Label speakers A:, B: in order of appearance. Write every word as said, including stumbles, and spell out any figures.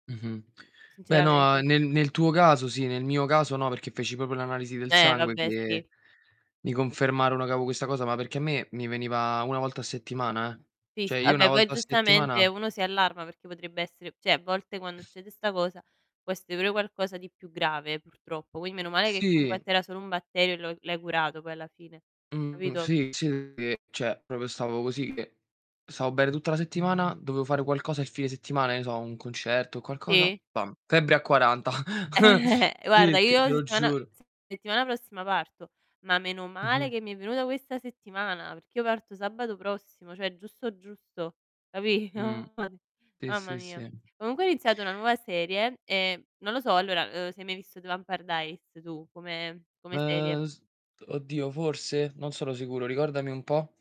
A: Mh-mh. Beh, no,
B: Sinceramente
A: uhm, nel nel tuo caso sì, nel mio caso no, perché feci popio l'analisi del
B: Eh,
A: sangue,
B: vabbè, sì.
A: che mi confermarono che avevo questa cosa, ma perché a me mi veniva una volta a settimana, eh.
B: sì, s
A: Cioè
B: ah
A: io una
B: beh poi,
A: volta a
B: giustamente,
A: settimana
B: uno si allarma perché potrebbe essere ceh a volte quando succede 'sta cosa, può essere pure qualcosa di più grave, purtroppo. Quin meno male che comunque a
A: Sì.
B: te era solo un batterio e lo l'hai curato poi alla fine,
A: Mh,
B: capito?
A: sì, sì, che, cioè, propio stavo così che stavo bene tutta la settimana, dovevo fare qualcosa il fine settimana, che ne so, un concerto o qualcosa,
B: Sì.
A: bam, febbre a quaranta.
B: Guarda,
A: Sì, te
B: io
A: te lo
B: settimana
A: giuro.
B: settimana prossima parto, ma meno male
A: Mh-mh.
B: che mi è venuta questa settimana, perché io parto sabato prossimo, cioè giusto, giusto, capì?
A: Mh.
B: [unintelligible]
A: Sì,
B: Mamma
A: sì,
B: mia.
A: sì.
B: Comunque ho iniziato una nuova serie, e non lo so, allora, uhm, se hai mai visto Vampire Diaries tu come come serie.
A: Uhm, s t oddio, forse? Non sono sicuro, ricordami un po'.